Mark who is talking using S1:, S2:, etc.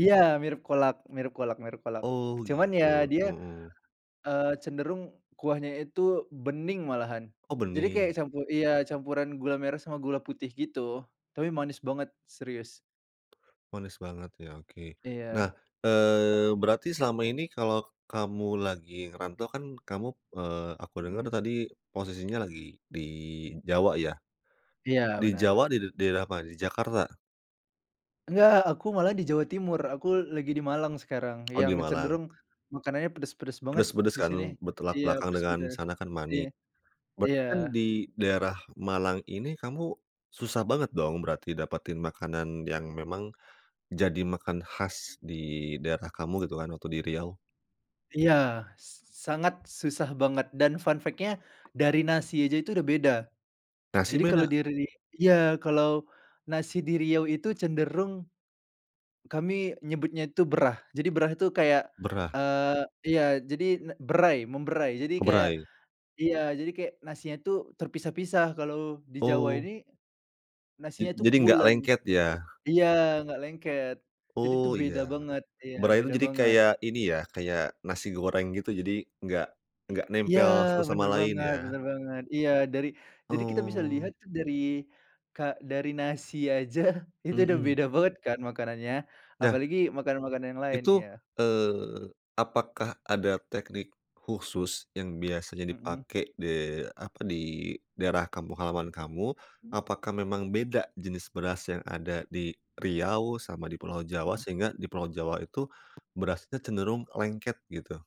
S1: Iya, mirip kolak, mirip kolak, mirip kolak.
S2: Oh
S1: Cuman ya
S2: gitu,
S1: dia,
S2: mhm.
S1: eee, cenderung kuahnya itu bening malahan.
S2: Oh
S1: Jadi kayak
S2: bening.
S1: campu iya campuran gula merah sama gula putih gitu. Tapi manis banget, serius.
S2: Manis banget ya, oke. Nah,
S1: Iya.
S2: eee, berarti selama ini kalau kamu lagi ngerantau kan kamu, eee, aku denger
S1: Mhm.
S2: tadi posisinya lagi di Jawa ya?
S1: Iya,
S2: Di
S1: benar.
S2: Jawa di did daerah mana? Di Jakarta?
S1: Enggak, aku malah di Jawa Timur, aku lagi di Malang sekarang,
S2: Oh di
S1: yang
S2: Malang.
S1: cenderung makanannya pedes-pedes banget
S2: Pedes-pedes
S1: di
S2: kan,
S1: sini,
S2: bertolak
S1: iya
S2: belakang dengan
S1: pedes-pedes.
S2: sana kan mani.
S1: Iya,
S2: Berarti
S1: iya.
S2: kan di daerah Malang ini kamu susah banget dong berarti dapatin makanan yang memang jadi makan khas di daerah kamu gitu kan waktu di Riau?
S1: Iya, s s sangat susah banget dan fun fact-nya dari nasi aja itu udah beda.
S2: Nasi
S1: Jadi kalau
S2: beda?
S1: diri iya, kalau nasi di Riau itu cenderung kami nyebutnya itu berah, jadi berah itu kayak,
S2: Berah.
S1: eee iya, jadi nek berai, memberai. Jadi
S2: O
S1: kayak
S2: berai.
S1: iya, jadi kayak nasinya tuh terpisah-pisah, kalau di Jawa
S2: Oh.
S1: ini
S2: Ja
S1: nasinya tuh
S2: jadi enggak
S1: pulen.
S2: lengket ya?
S1: Iya, nggak lengket. Jadi
S2: Oh
S1: tuh
S2: iya.
S1: beda banget, iya
S2: Berai itu
S1: beda
S2: jadi
S1: banget.
S2: kayak ini ya, kayak nasi goreng gitu, jadi enggak
S1: I
S2: enggak
S1: iya,
S2: nempel satu sama
S1: bener
S2: lain
S1: banget,
S2: ya.
S1: bener banget, iya dari jadi kita bisa
S2: Oh.
S1: lihat dari ka dari nasi aja itu udah
S2: Mhm.
S1: beda banget kan makanannya.
S2: Nah.
S1: Apalagi makanan-makanan yang lain,
S2: Itu,
S1: iya.
S2: eee, apakah ada teknik khusus yang biasanya
S1: Mhm.
S2: dipakai de apa? di daerah kampung halaman kamu?
S1: Mmm.
S2: Apakah memang beda jenis beras yang ada di Riau sama di pulau Jawa,
S1: Mhm.
S2: sehingga di pulau Jawa itu berasnya cenderung lengket gitu?